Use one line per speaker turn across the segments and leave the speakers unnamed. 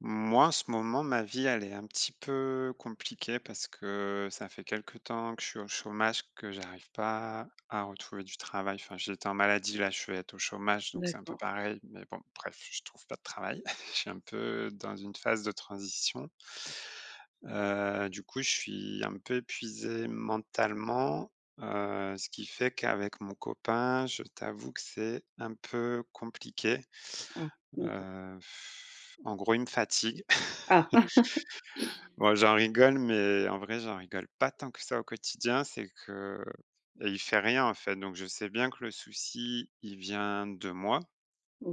Moi, en ce moment, ma vie, elle est un petit peu compliquée parce que ça fait quelque temps que je suis au chômage, que j'arrive pas à retrouver du travail. Enfin, j'étais en maladie, là, je vais être au chômage, donc c'est un peu
D'accord.
pareil, mais bon, bref, je trouve pas de travail. Je suis un peu dans une phase de transition. Heu, du coup, je suis un peu épuisé mentalement, heu, ce qui fait qu'avec mon copain, je t'avoue que c'est un peu compliqué.
Ah. D'accord.
Heu, en gros, il me fatigue.
Ah.
Bon, j'en rigole, mais en vrai, j'en rigole pas tant que ça au quotidien. C'est que et il fait rien, en fait. Donc je sais bien que le souci, il vient de moi,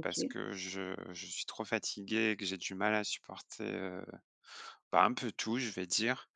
parce que je je suis trop fatigué et que j'ai du mal à supporter, heu bah, un peu tout, je vais dire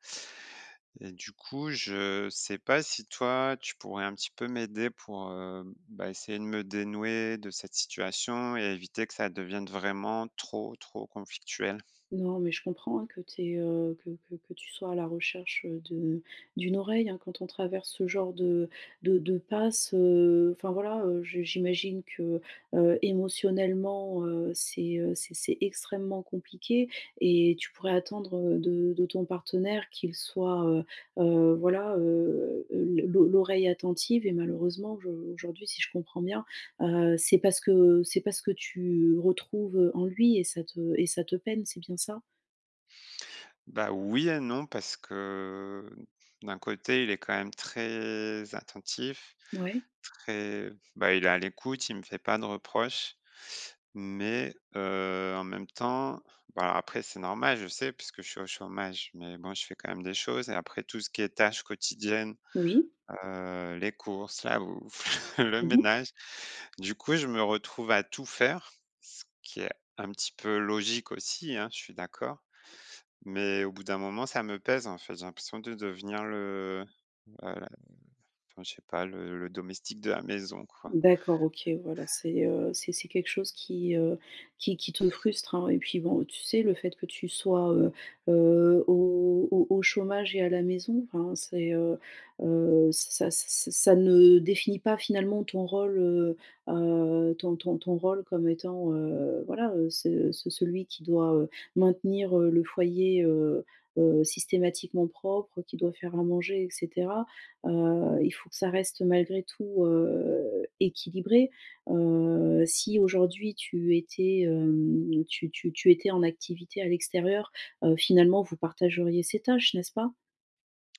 et du coup, je sais pas si toi, tu pourrais un petit peu m'aider pour, hem, bah, essayer de me dénouer de cette situation et éviter que ça devienne vraiment trop trop conflictuel?
Non, mais je comprends, hein, que tu aies, heu, que que que tu sois à la recherche de d'une oreille, hein. Quand on traverse ce genre de de de passe heu, enfin, voilà, heu, je j'imagine que, heu, émotionnellement, heu, c'est, heu, c'est c'est extrêmement compliqué et tu pourrais attendre de de ton partenaire qu'il soit, heu heu, voilà, heu heu, l' l'o l'oreille attentive. Et malheureusement, je aujourd'hui, si je comprends bien, heu, c'est pas ce que c'est pas ce que tu retrouves en lui et ça te et ça te peine. C'est bien ça?
Bah, oui et non parce que, d'un côté, il est quand même très attentif,
Ouais.
très, bah il est à l'écoute, il me fait pas de reproches. Mais, heu, en même temps, bah après, c'est normal, je sais, puisque je suis au chômage. Mais bon, je fais quand même des choses et après, tout ce qui est tâches quotidiennes,
Oui.
heu, les courses, la ou le
Mmh mh.
ménage, du coup, je me retrouve à tout faire, ce qui est un petit peu logique aussi, hein, je suis d'accord. Mais au bout d'un moment, ça me pèse, en fait. J'ai l'impression de devenir le heu, enfin je sais pas, le le domestique de la maison, quoi.
D'accord. OK, voilà, c'est, heu, c'est c'est quelque chose qui, heu, qui qui te frustre, hein. Et puis bon, tu sais, le fait que tu sois, heu heu, au au au chômage et à la maison, enfin, c'est, heu heu, ça ç ç ça ne définit pas, finalement, ton rôle. Heu, ton ton ton rôle comme étant, heu, voilà, heu ce ce celui qui doit, heu, maintenir, heu, le foyer, heu heu, systématiquement propre, qui doit faire à manger et cetera. Heu, il faut que ça reste malgré tout, heu, équilibré. Heu, si aujourd'hui, tu étais, hem, tu tu tu étais en activité à l'extérieur, heu, finalement, vous partageriez ces tâches, n'est-ce pas?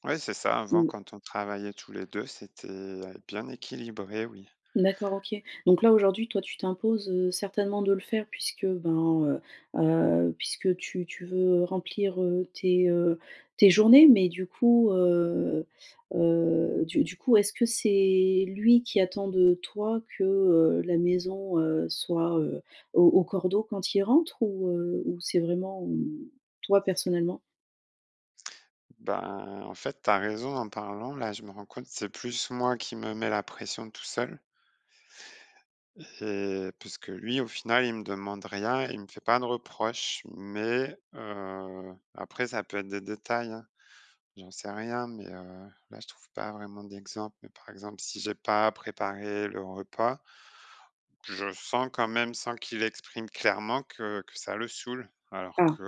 Ouais, c'est ça. Avant,
Mmh.
quand on travaillait tous les 2, c'était, heu, bien équilibré, oui.
D'accord OK. Donc là, aujourd'hui, toi, tu t'imposes certainement de le faire puisque, ben, heu heu, puisque tu tu veux remplir, heu, tes heu, tes journées. Mais du coup, heu heu, du du coup, est-ce que c'est lui qui attend de toi que, heu, la maison, heu, soit, heu, au au cordeau quand il rentre ou, heu, ou c'est vraiment, hem, toi personnellement?
Ben, en fait, tu as raison en parlant, là je me rends compte, c'est plus moi qui me mets la pression tout seul et puisque lui, au final, il me demande rien, il me fait pas de reproches, mais, heu, après ça peut être des détails, hein. J'en sais rien, mais, heu, là, je trouve pas vraiment d'exemple, mais par exemple, si j'ai pas préparé le repas je sens quand même, sans qu'il l'exprime clairement, que que ça le saoule alors
Ah!
que,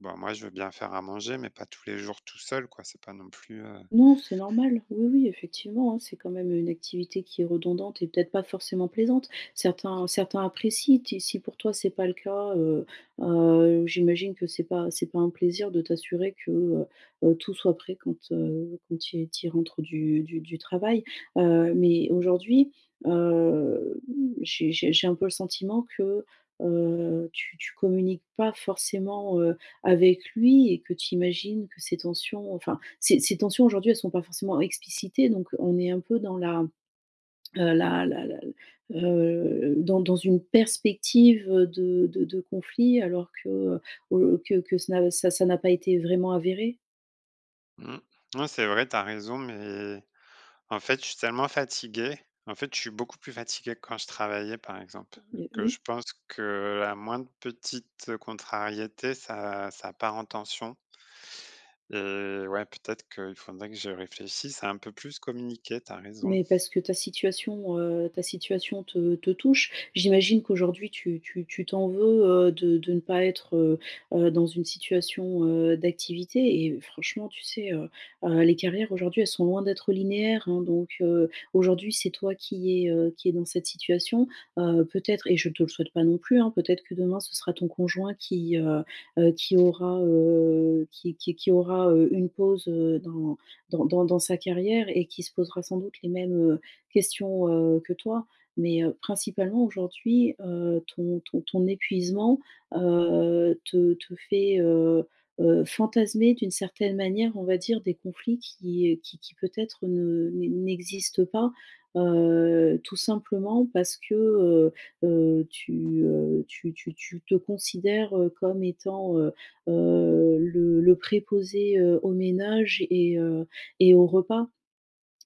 ben, moi, je veux bien faire à manger, mais pas tous les jours tout seul, quoi, c'est pas non plus, heu
Non, c'est normal, oui, oui, effectivement, hein. C'est quand même, heu, une activité qui est redondante et peut-être pas forcément plaisante, certains certains apprécient ti si pour toi, c'est pas le cas, heu, heu, j'imagine que c'est pas c'est pas un plaisir de t'assurer que, heu, heu, tout soit prêt quand, heu, quand il qu'il rentre du du du travail. Heu, mais aujourd'hui, heu, j'ai j'ai j'ai un peu le sentiment que, heu, tu tu communiques pas forcément, heu, avec lui et que tu imagines que ces tensions enfin, ces ces tensions, aujourd'hui, elles sont pas forcément explicitées, donc on est un peu dans la, heu, la la la l heu, dans dans une perspective, heu, de de de conflits alors que, heu, heu, que que ce n'a ça ça n'a pas été vraiment avéré.
Mmh. Oui, c'est vrai, tu as raison, mais, en fait, je suis tellement fatigué, en fait, je suis beaucoup plus fatigué que quand je travaillais par exemple,
Heu, mais,
que je
oui.
pense que la moindre petite, heu, contrariété, ça ça part en tension et ouais, peut-être qu'il faudrait que je réfléchisse à un peu plus communiquer, tu as raison.
Mais, parce que ta situation, heu, ta situation te te touche, j'imagine qu'aujourd'hui tu tu tu t'en veux, heu, de de ne pas être, heu, heu, dans une situation, heu, d'activité et franchement, tu sais, heu, heu, les carrières, aujourd'hui, elles sont loin d'être linéaires, hein, donc, heu, aujourd'hui, c'est toi qui es, heu, qui es dans cette situation, heu, peut-être et je te le souhaite pas non plus, hein, peut-être que demain ce sera ton conjoint qui, heu, heu, qui aura, heu, qui qui qui aura, heu, une pause, heu, dans dans dans dans sa carrière et qui se posera sans doute les mêmes, heu, questions, heu, que toi. Mais, heu, principalement aujourd'hui, heu, ton ton ton épuisement, heu, te te fait, heu, heu, fantasmer d'une certaine manière, on va dire, des conflits qui qui qui peut-être ne n'e n'existent pas, heu, tout simplement parce que, heu, heu, tu, heu, tu tu tu te considères, heu, comme étant, heu, heu, le le préposé, heu, aux ménages et heu et aux repas,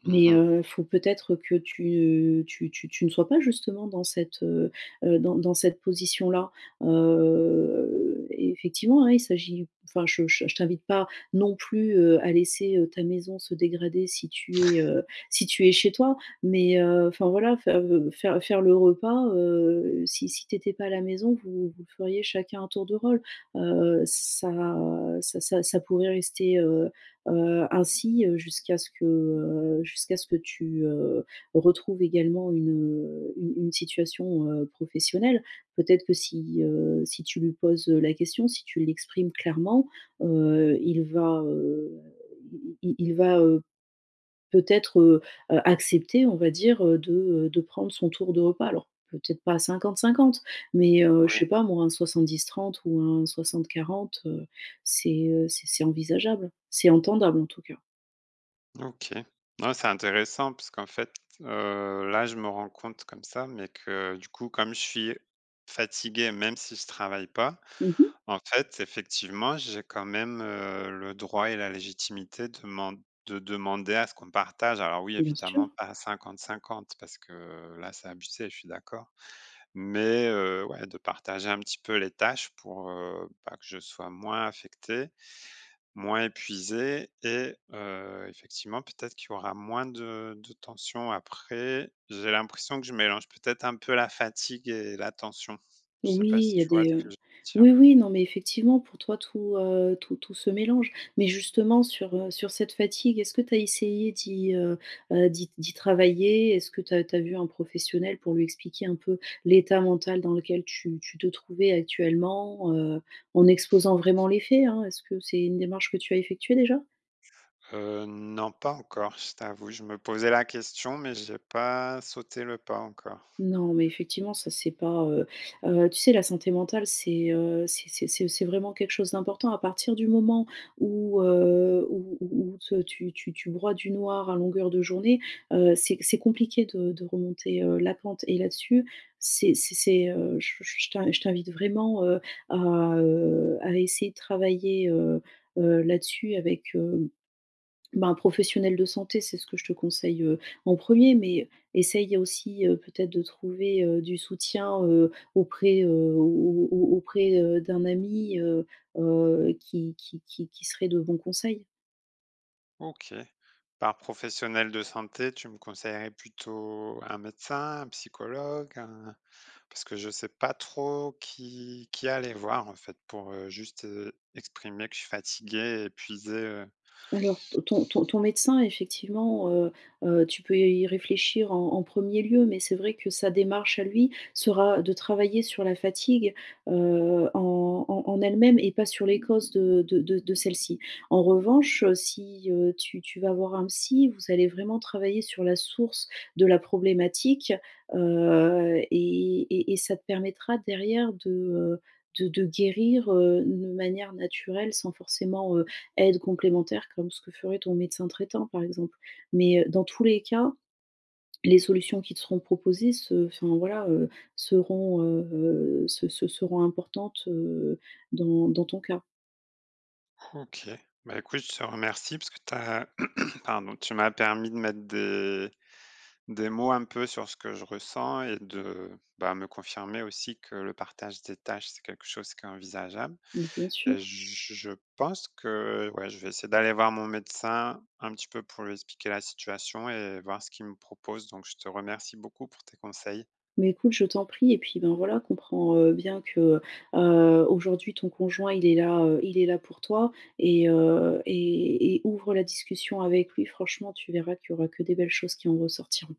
Mmh
mais,
mh.
heu, faut peut-être que tu tu tu tu ne sois pas justement dans cette, heu, heu, dans dans cette position là. Heu, effectivement, hein, il s'agit enfin, je je je t'invite pas non plus, heu, à laisser, heu, ta maison se dégrader, si tu es, heu, si tu es chez toi, mais, heu, enfin, voilà, fai heu, faire faire le repas, heu, si si tu étais pas à la maison, vous vous le feriez chacun à tour de rôle, heu, ça ça ça ça pourrait rester, heu, heu, ainsi, heu, jusqu'à ce que, heu, jusqu'à ce que tu, heu, retrouves également une, heu, une une situation, heu, professionnelle. Peut-être que si, heu, si tu lui poses, heu, la question, si tu l'exprimes clairement, heu, il va, heu, il il il il va, heu, peut-être, heu, heu, accepter, on va dire, heu, de heu, de prendre son tour de repas, alors peut-être pas à 50-50 mais, heu, je
Oui.
sais pas moi, un 70-30 ou un 60-40, heu, c'est, heu, c'est c'est envisageable, c'est entendable, en tout cas.
OK. Non, c'est intéressant parce qu'en fait, heu, là, je me rends compte comme ça, mais que, du coup, comme je suis fatigué, même si je travaille pas,
Mmh mh.
en fait, effectivement j'ai quand même, heu, le droit et la légitimité deman de demander à ce qu'on partage. Alors oui,
Bien
évidemment,
sûr.
pas à 50-50 parce que, heu, là, c'est abusé, je suis d'accord. Mais, heu, ouais de partager un petit peu les tâches pour, heu, bah, que je sois moins affecté, moins épuisé et heu, effectivement peut-être qu'il y aura moins de de tension. Après j'ai l'impression que je mélange peut-être un peu la fatigue et la tension. Je sais
Oui,
pas si
il y a
tu vois ce
des, heu,
que je veux
oui,
dire?
oui, non, mais, effectivement pour toi, tout, heu, tout tout se mélange mais justement sur, heu, sur cette fatigue, est-ce que tu as essayé d'y, heu, bah d'y d'y travailler? Est-ce que tu as tu as vu un professionnel pour lui expliquer un peu l'état mental dans lequel tu tu te trouvais actuellement, heu, en exposant vraiment les faits, hein? Est-ce que c'est une démarche que tu as effectuée, déjà?
Heu, non, pas encore, je t'avoue, je me posais la question, mais j'ai pas sauté le pas encore.
Non, mais effectivement, ça, c'est pas, heu, heu, tu sais, la santé mentale, c'est, heu, c'est c'est c'est c'est vraiment quelque chose d'important à partir du moment où, heu, où où où te tu tu tu broies du noir à longueur de journée, heu, c'est c'est compliqué de de remonter, heu, la pente et là-dessus, c'est c'est c'est, heu, je je t'in je t'invite vraiment, heu, à, heu, à essayer de travailler, heu, heu, là-dessus avec, heu, ben, un professionnel de santé. C'est ce que je te conseille, heu, en 1er, mais essaye aussi, heu, peut-être de trouver, heu, du soutien, heu, auprès, heu, au au au auprès, heu, d'un ami, heu, heu, qui qui qui qui serait de bons conseils.
OK. Par professionnel de santé, tu me conseillerais plutôt un médecin, un psychologue, un parce que je sais pas trop qui qui aller voir, en fait, pour, heu, juste, heu, exprimer que je suis fatigué, épuisé, heu
Alors, t ton ton ton médecin effectivement, heu, heu, tu peux y réfléchir en en 1er lieu, mais c'est vrai que sa démarche à lui sera de travailler sur la fatigue, heu, en en en elle-même et pas sur les causes de de de de celle-ci. En revanche, heu, si, heu, tu tu vas avoir un psy, vous allez vraiment travailler sur la source de la problématique, heu et et et ça te permettra derrière de, heu, de de guérir, heu, une manière naturelle sans forcément, heu, aide complémentaire comme ce que ferait ton médecin traitant, par exemple. Mais, heu, dans tous les cas, les solutions qui te seront proposées se enfin voilà, heu, seront, heu, heu, se se seront importantes, heu, dans dans ton cas.
OK, bah, écoute, je te remercie parce que tu as pardon, tu m'as permis de mettre des des mots un peu sur ce que je ressens et de, bah, me confirmer aussi que le partage des tâches, c'est quelque chose qui est envisageable
Mais, bien
et
sûr.
je je pense que, ouais, je vais essayer d'aller voir mon médecin un petit peu pour lui expliquer la situation et voir ce qu'il me propose. Donc je te remercie beaucoup pour tes conseils.
Mais, écoute, je t'en prie et puis, ben, voilà, comprends, heu, bien que, heu, aujourd'hui, ton conjoint il est là, heu, il est là pour toi et heu et et ouvre la discussion avec lui franchement, tu verras qu'il y aura que des belles choses qui en ressortiront.